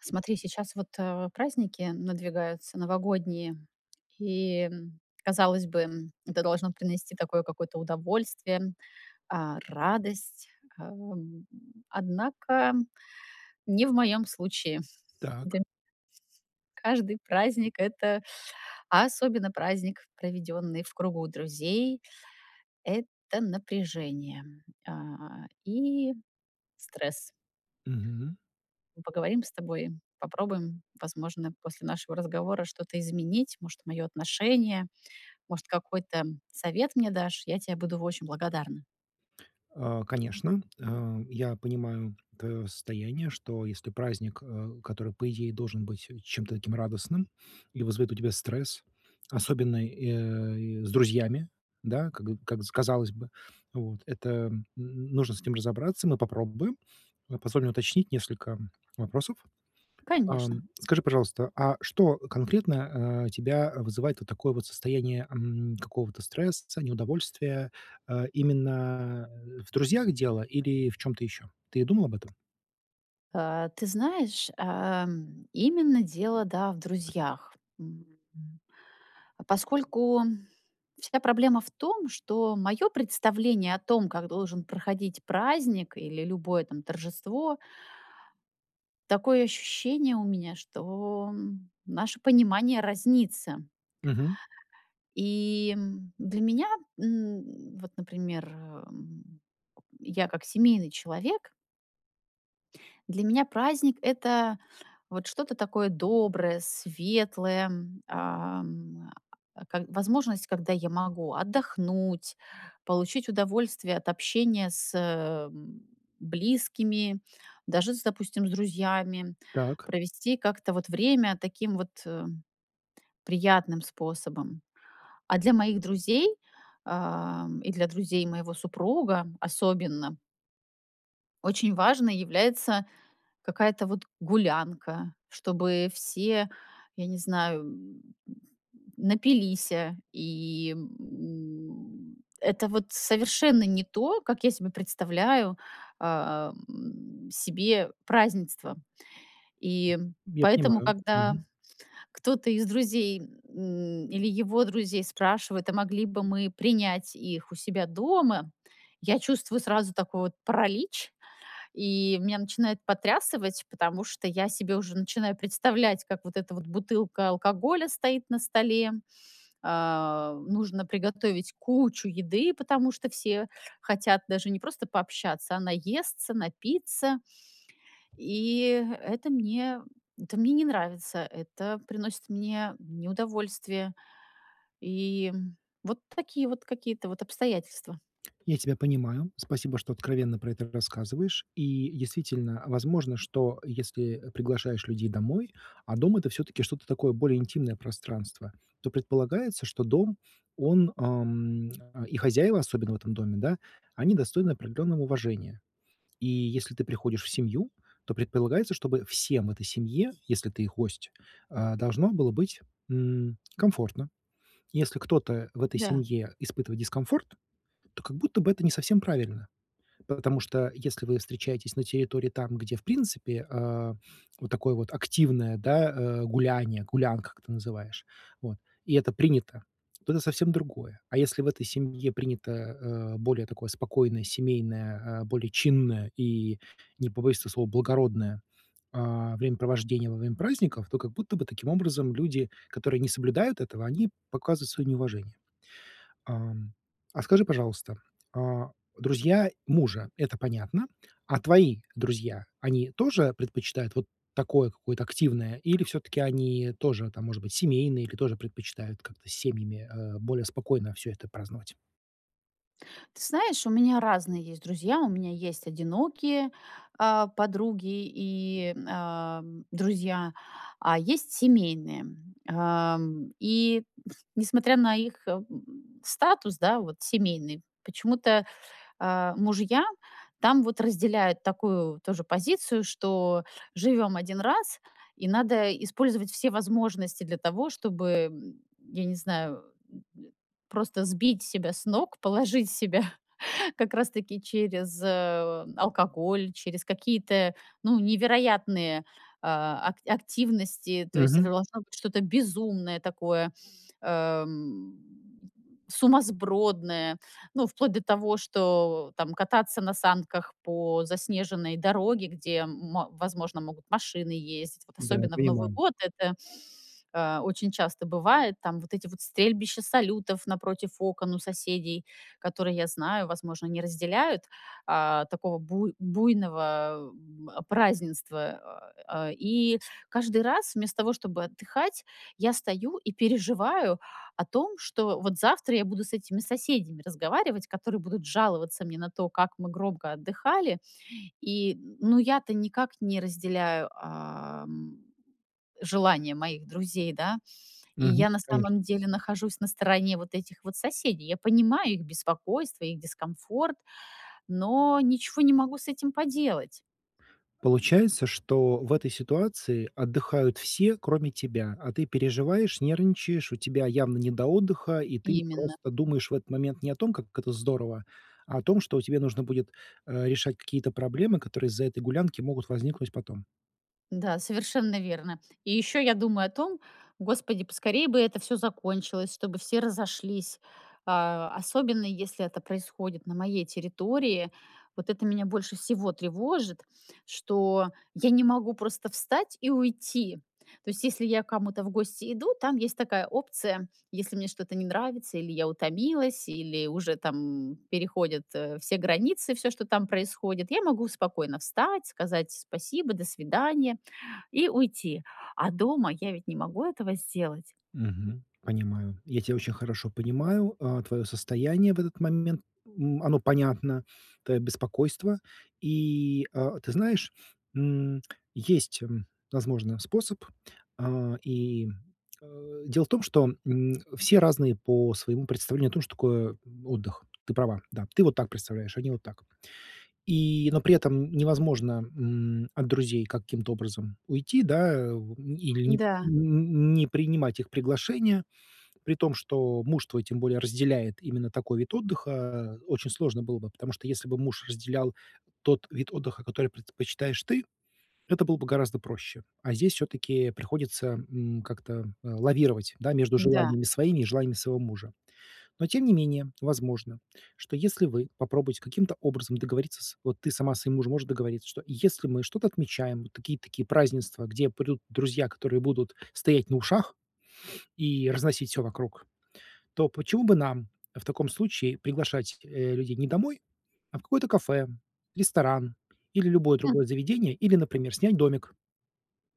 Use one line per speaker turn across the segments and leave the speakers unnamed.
Смотри, сейчас вот, э, праздники надвигаются новогодние, и, м, казалось бы, м, это должно принести такое какое-то удовольствие, а, радость, ам. Однако не в моём случае,
Так.
дэм Каждый праздник это, а особенно праздник, проведённый в кругу друзей это напряжение, а, и стресс.
Мгм.
Мы поговорим с тобой, попробуем, возможно, после нашего разговора что-то изменить. Может, моё отношение, может какой-то совет мне дашь. Я тебе буду очень благодарна.
А конечно, э, я понимаю твоё состояние, что если праздник, э, который, по идее, должен быть чем-то таким радостным и вызовет у тебя стресс, особенно и, э, и с друзьями, да, как как с казалось бы. Вот, это, м, нужно с этим разобраться. Мы попробуем, а позволь мне уточнить несколько вопросов.
Конечно.
Ам, скажи, пожалуйста, а что конкретно, а, тебя вызывает вот такое вот состояние, м, какого-то стресса, неудовольствия, а, именно в друзьях дело или в чём-то ещё? Ты думал об этом?
А, ты знаешь, ам, именно дело, да, в друзьях. М, м, поскольку вся проблема в том, что моё представление о том, как должен проходить праздник или любое, там, торжество такое ощущение у меня, что наше понимание разнится.
Мгм.
И для меня, м, вот, например, м, я как семейный человек Для меня праздник- это вот что-то такое доброе, светлое, м, ам, а, к возможность, когда я могу отдохнуть, получить удовольствие от общения с, эм, близкими, даже с, допустим, с друзьями,
Так.
провести как-то вот время таким вот, э, приятным способом. А для моих друзей, а, и для друзей моего супруга- особенно очень важной является какая-то вот гулянка, чтобы все, я не знаю, м, напилися. И, м, это вот совершенно не то, как я себе представляю, а, м, себе празднество.
М.
И
Я
поэтому,
понимаю.
когда
Мгм.
кто-то из друзей, м, или его друзей спрашивает, а могли бы мы принять их у себя дома, я чувствую сразу такой вот паралич. И меня начинает потрясывать, потому что я себе уже начинаю представлять, как вот эта вот бутылка алкоголя стоит на столе, а, нужно приготовить кучу еды, потому что все хотят даже не просто пообщаться, а наесться, напиться. И это мне это мне не нравится, это приносит мне неудовольствие. И, м, вот такие вот какие-то вот обстоятельства.
Я тебя понимаю. Спасибо, что откровенно про это рассказываешь. И действительно, возможно, что если, э, приглашаешь людей домой, а дом- это, всё-таки, что-то такое, более интимное пространство, то предполагается, что дом, он, ам, и хозяева, особенно в этом доме, да, они достойны определенного уважения. И если ты приходишь в семью, то предполагается, чтобы всем этой семье, если ты их гость, а, должно было быть, м, комфортно. Если кто-то в этой
Да.
семье испытывает дискомфорт, то как будто бы это не совсем правильно. Потому что если вы встречаетесь на территории, там, где, в принципе, а, вот такое вот активное, да, а, гуляние, гулянка, как ты называешь вот, и это принято- то это совсем другое. А если в этой семье принято, э, более такое спокойное, семейное, а, более чинное и, не побоюсь этого слова, благородное, а, времяпровождение во время праздников, то как будто бы, таким образом, люди, которые не соблюдают этого, они показывают свое неуважение. Ам. А скажи, пожалуйста, а, друзья мужа- это понятно, а твои друзья, они тоже предпочитают вот такое какое-то активное, или всё-таки они тоже, там, может быть, семейные или тоже предпочитают как-то семьями, а, более спокойно всё это праздновать?
Ты знаешь, у меня разные есть друзья. У меня есть одинокие, а, подруги и м, а, друзья, а есть семейные. Ам, и, несмотря на их, м, статус, да, вот семейный, почему-то, э, мужья там вот разделяют такую тоже позицию, что живём 1 раз и надо использовать все возможности для того, чтобы, м, я не знаю, м, просто сбить себя с ног, положить себя как раз таки через, э, алкоголь, через какие-то, ну, невероятные, а ак активности. То есть
Мгм.
это должно быть что-то безумное такое, эм, сумасбродное. Ну, вплоть до того, что там: кататься на санках по заснеженной дороге, где, м, возможно, могут машины ездить, вот
Да,
особенно в Новый
понимаю.
год. Это, э, очень часто бывает там. Вот эти вот стрельбища салютов напротив окон у соседей, которые, я знаю, возможно, не разделяют, э, такого буй буйного, м, празднества. И каждый раз, вместо того чтобы отдыхать, я стою и переживаю о том, что вот завтра я буду с этими соседями разговаривать, которые будут жаловаться мне на то, как мы громко отдыхали. И н ну, я-то никак не разделяю, эм, желания моих друзей, да. И
Мгм.
я на
Конечно.
самом деле нахожусь на стороне вот этих вот соседей. Я понимаю их беспокойство, их дискомфорт, но ничего не могу с этим поделать.
Получается, что в этой ситуации отдыхают все, кроме тебя. А ты переживаешь, нервничаешь, у тебя явно не до отдыха, и ты
Именно.
просто думаешь в этот момент не о том, как это здорово, а о том, что тебе нужно будет, э, решать какие-то проблемы, которые из-за этой гулянки могут возникнуть потом.
Да, совершенно верно. И ещё я думаю о том: господи, поскорее бы это всё закончилось, чтобы все разошлись, э, особенно если это происходит на моей территории. Вот это меня больше всего тревожит, что я не могу просто встать и уйти. То есть если я к кому-то в гости иду, там есть такая опция: если мне что-то не нравится или я утомилась, или уже там переходят, э, все границы, всё, что там происходит, я могу спокойно встать, сказать "спасибо, до свидания" и уйти. А дома я ведь не могу этого сделать.
Мгм. Понимаю, я тя очень хорошо понимаю, э, твоё состояние в этот момент. М, оно понятно, твоё беспокойство. И, э, ты знаешь, м, есть, м, возможно, способ. Э, и, э, дело в том, что, м, все разные по своему представлению о том, что такое отдых. Ты права, да. Ты вот так представляешь, они вот так. И но при этом невозможно, м, от друзей каким-то образом уйти, да, ву или не
Да.
не не принимать их приглашение. При том, что муж твой тем более разделяет именно такой вид отдыха, очень сложно было бы. Потому что, если бы муж разделял тот вид отдыха, который предпочитаешь ты, это было бы гораздо проще. А здесь всё-таки приходится, м, как-то, э, лавировать, да, между
Да.
желаниями своими и желаниями своего мужа. Но тем не менее, возможно, что, если вы попробуете каким-то образом договориться с вот ты сама со своим мужем можешь договориться, что если мы что-то отмечаем: такие, такие празднества, где придут друзья, которые будут стоять на ушах и разносить всё вокруг, то почему бы нам в таком случае приглашать, э, людей не домой, а в какое-то кафе, ресторан или любое
М.
другое заведение, или, например, снять домик,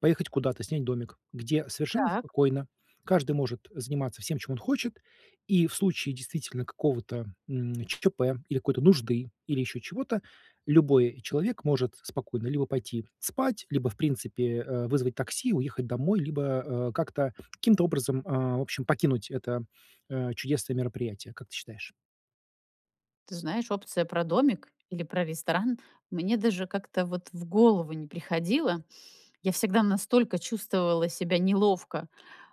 поехать куда-то, снять домик. Где совершенно
Так.
спокойно каждый может заниматься всем, чем он хочет, и в случае действительно какого-то, м, ЧП или какой-то нужды, или ещё чего-то, любой человек может спокойно либо пойти спать, либо, в принципе, э, вызвать такси, уехать домой, либо, э, как-то, каким-то образом, э, в общем, покинуть это, э, чудесное мероприятие, как ты считаешь?
Ты знаешь, опция про домик или про ресторан мне даже как-то вот в голову не приходило. Я всегда настолько чувствовала себя неловко,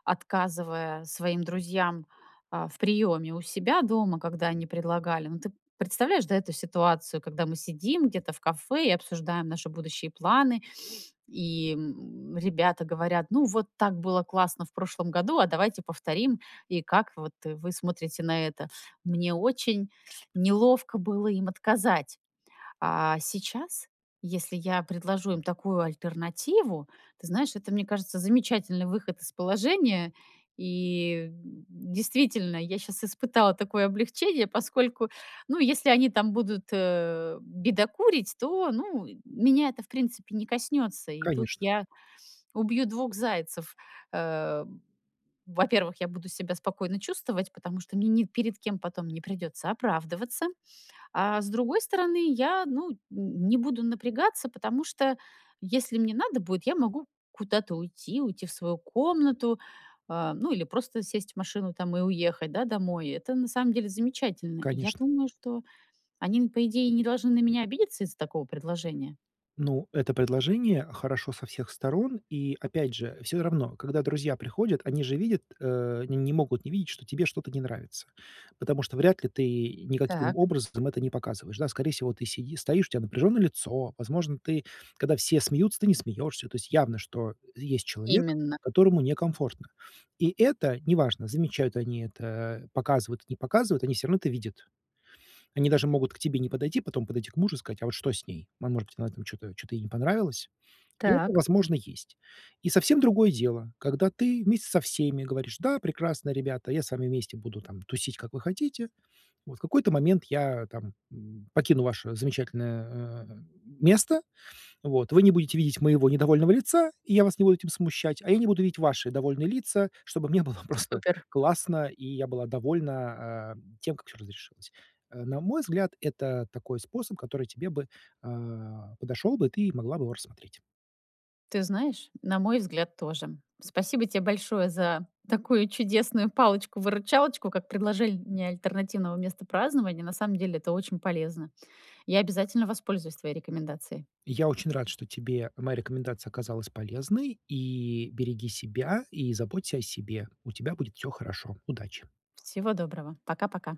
отказывая своим друзьям, а, в приёме у себя дома, когда они предлагали. Ну, ты представляешь, да, эту ситуацию, когда мы сидим где-то в кафе и обсуждаем наши будущие планы, и, м, ребята говорят: ну вот так было классно в прошлом году, а давайте повторим и как вот вы смотрите на это. Мне очень неловко было им отказать. А, сейчас, если я предложу им такую альтернативу, ты знаешь, это, мне кажется, замечательный выход из положения, и, м, действительно, я щас испытала такое облегчение, поскольку, ну, если они там будут, э, бедокурить, то, ну, меня это, в принципе, не коснётся. И тут
Конечно.
я убью 2 зайцев. Э, во-первых, я буду себя спокойно чувствовать, потому что мне ни перед кем потом не придётся оправдываться, а с другой стороны, я, ну, н не буду напрягаться, потому что если мне надо будет, я могу куда-то уйти, уйти в свою комнату, а, ну, или просто сесть в машину там и уехать, да, домой. Это на самом деле замечательно. Я
Конечно.
думаю, что они, ну, по идее, не должны на меня обидеться из-за такого предложения.
Ну, это предложение хорошо со всех сторон, и опять же, всё равно, когда друзья приходят, они же видят, э, они не могут не видеть, что тебе что-то не нравится, потому что вряд ли ты никаким
Так.
образом это не показываешь, да? Скорее всего, ты сиди стоишь, у тя напряжённое лицо, возможно, ты когда все смеются, ты не смеёшься. То есть явно, что есть человек,
Именно.
которому некомфортно. И это неважно, замечают они это, показывают, не показывают, они всё равно это видят. Они даже могут к тебе не подойти, потом подойти к мужу и сказать, а вот что с ней? Ма может быть, она там чё-то чё-то ей не понравилось? И это,
Так.
возможно, есть. И совсем другое дело, когда ты вместе со всеми говоришь: да, прекрасно, ребята, я с вами вместе буду там тусить, как вы хотите. Вот в какой-то момент я там, м, покину ваше замечательное, э, место, вот вы не будете видеть моего недовольного лица, и я вас не буду этим смущать, а я не буду видеть ваши довольные лица, чтобы мне было просто
Супер.
классно, и я была довольна, а, тем, как всё разрешилось. А, на мой взгляд, это такой способ, который тебе бы, а, подошёл бы, и ты могла бы его рассмотреть.
Ты знаешь, на мой взгляд, тоже. Спасибо тебе большое за такую чудесную палочку-выручалочку, как предложение альтернативного места празднования. На самом деле это очень полезно. Я обязательно воспользуюсь твоей рекомендацией.
Я очень рад, что тебе моя рекомендация оказалась полезной. И береги себя и заботься о себе. У тебя будет всё хорошо. Удачи.
Всего доброго! Пока пока.